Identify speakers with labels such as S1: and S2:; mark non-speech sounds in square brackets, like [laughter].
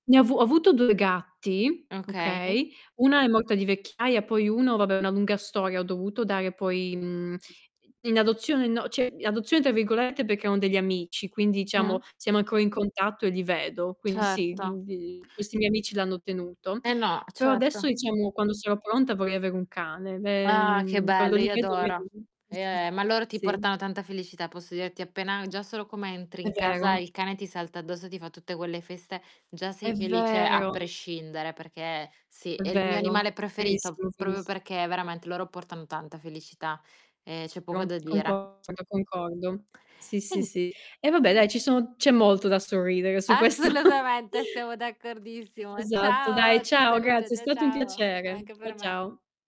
S1: Ne ho avu ho avuto 2 gatti,
S2: Okay.
S1: okay, una è morta di vecchiaia, poi uno vabbè è una lunga storia, ho dovuto dare poi, mhmm,
S2: [unintelligible]
S1: i in adozione no cioè, "in adozione" tra virgolette, perché erano degli amici, quindi diciamo
S2: [unintelligible]
S1: siamo ancora in contatto e li vedo. Quindi sì,
S2: Certo.
S1: gl questi miei amici l'hanno tenuto.
S2: Eh no,
S1: Però adesso,
S2: certo.
S1: diciamo, quando sarò pronta vorrei avere un cane. Beh,
S2: Ah, che
S1: mhmm, quando
S2: bello,
S1: li
S2: io
S1: vedo
S2: adoro.
S1: [unintelligible]
S2: Eh, ma loro ti
S1: sì.
S2: portano tanta felicità, posso dirti, appena già solo come entri
S1: È
S2: in casa
S1: vero.
S2: il cane ti salta addosso, ti fa tutte quelle feste, già
S1: È
S2: sei felice a
S1: vero.
S2: prescindere perché sì,
S1: È
S2: è il mio
S1: vero.
S2: animale preferito,
S1: Verissimo,
S2: proprio
S1: veris
S2: perché veramente loro portano tanta felicità, ehm, c'è poco da
S1: [unintelligible]
S2: dire.
S1: Concordo, concordo. Sì, sì,
S2: Mh-mh.
S1: sì. E vabbè dai, ci sono c'è molto da sorridere su questo
S2: Assolutamente, siamo d'accordissimo.
S1: Esatto. Dai,
S2: Ciao, ti
S1: ciao,
S2: saluto,
S1: grazie. È
S2: ciao,
S1: stato un
S2: ciao.
S1: piacere.
S2: Anche
S1: Ciao,
S2: per me.
S1: ciao.